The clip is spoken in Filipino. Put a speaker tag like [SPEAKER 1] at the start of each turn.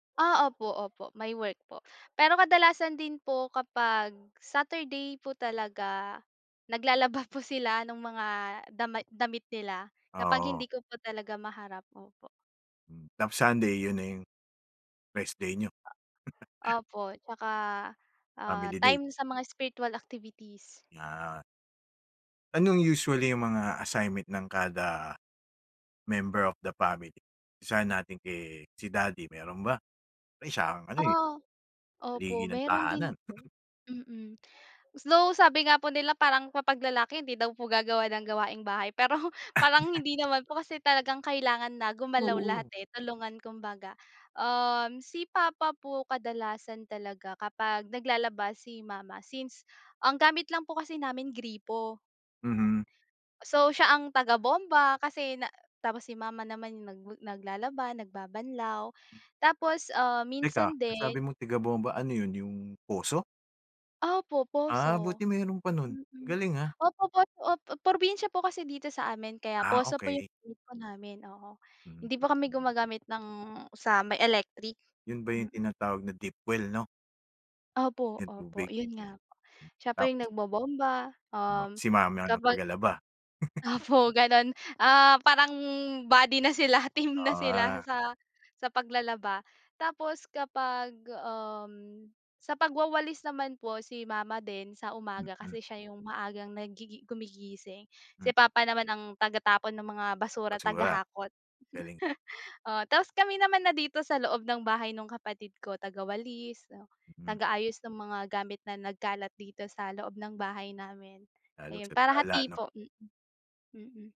[SPEAKER 1] Ah, opo, opo, may work po. Pero kadalasan din po kapag Saturday po talaga, naglalaba po sila no'ng mga dama damit nila, kapag
[SPEAKER 2] Oo.
[SPEAKER 1] hindi ko po talaga maharap. Opo.
[SPEAKER 2] Hmm. Tapos Sunday, 'yon na 'yong rest day niyo?
[SPEAKER 1] A Opo, tsaka, ah,
[SPEAKER 2] Family day.
[SPEAKER 1] time sa mga spiritual activities.
[SPEAKER 2] Yeah. Anong usually 'yong mga assignment ng kada, member of the family? Umpisahan natin kay si daddy meron ba? Eh, siya ang ano, eh,
[SPEAKER 1] Oo. Opo,
[SPEAKER 2] haligi ng
[SPEAKER 1] meron din
[SPEAKER 2] tahanan.
[SPEAKER 1] po. Mm. Though, sabi nga po nila parang kapag lalaki hindi daw po gagawa ng gawaing-bahay, pero
[SPEAKER 2] Ah,
[SPEAKER 1] parang
[SPEAKER 2] 'yan.
[SPEAKER 1] hindi naman po kasi talagang kailangan na gumalaw lahat,
[SPEAKER 2] Oo.
[SPEAKER 1] eh, tulungan kumbaga. Um, si papa po, kadalasan talaga kapag naglalaba si mama, since ang gamit lang po kasi namin gripo, yon
[SPEAKER 2] Mm.
[SPEAKER 1] So, siya ang tagabomba kasi na tapos si mama naman 'yong nag naglalaba, nagbabanlaw. Tapos, ah,
[SPEAKER 2] Teka,
[SPEAKER 1] minsan
[SPEAKER 2] ang sabi
[SPEAKER 1] din
[SPEAKER 2] mo tiga-bomba, ano 'yon 'yong poso?
[SPEAKER 1] Opo, poso.
[SPEAKER 2] Ah, buti meron pa no'n. Ang
[SPEAKER 1] Mm.
[SPEAKER 2] galing, ah.
[SPEAKER 1] Opo, pot op probinsya po kasi dito sa amin kaya
[SPEAKER 2] Ah,
[SPEAKER 1] poso po 'yong
[SPEAKER 2] okey.
[SPEAKER 1] gripo namin, oo. Hindi
[SPEAKER 2] Mm.
[SPEAKER 1] po kami gumagamit ng sa may electric.
[SPEAKER 2] 'Yon ba 'yong
[SPEAKER 1] Mm.
[SPEAKER 2] tinatawag na deep well, 'no?
[SPEAKER 1] Opo,
[SPEAKER 2] 'Yong
[SPEAKER 1] opo,
[SPEAKER 2] tubig?
[SPEAKER 1] 'yon nga po. Siya po
[SPEAKER 2] Hmm. Tapos?
[SPEAKER 1] 'yong nagbobomba,
[SPEAKER 2] Ma
[SPEAKER 1] um,
[SPEAKER 2] si mama ang
[SPEAKER 1] kapag
[SPEAKER 2] tagalaba?
[SPEAKER 1] Opo, gano'n. Ah, parang buddy na sila, team
[SPEAKER 2] O,
[SPEAKER 1] na sila
[SPEAKER 2] ah.
[SPEAKER 1] sa sa paglalaba. Tapos kapag, um, sa pagwawalis naman po si mama din sa umaga
[SPEAKER 2] Mm.
[SPEAKER 1] kasi siya 'yong maagang nagigi gumigising,
[SPEAKER 2] Hmm.
[SPEAKER 1] si papa naman ang taga-tapon ng mga basura,
[SPEAKER 2] Basura?
[SPEAKER 1] taga-hakot.
[SPEAKER 2] Galing.
[SPEAKER 1] Oo, tas kami naman na dito sa loob ng bahay no'ng kapatid ko taga-walis, 'no,
[SPEAKER 2] Mm.
[SPEAKER 1] taga-ayos ng mga gamit na nagkalat dito sa loob ng bahay namin.
[SPEAKER 2] Lalo
[SPEAKER 1] Ayun
[SPEAKER 2] sa
[SPEAKER 1] para
[SPEAKER 2] sala,
[SPEAKER 1] hati
[SPEAKER 2] 'no.
[SPEAKER 1] po, mm. Mm.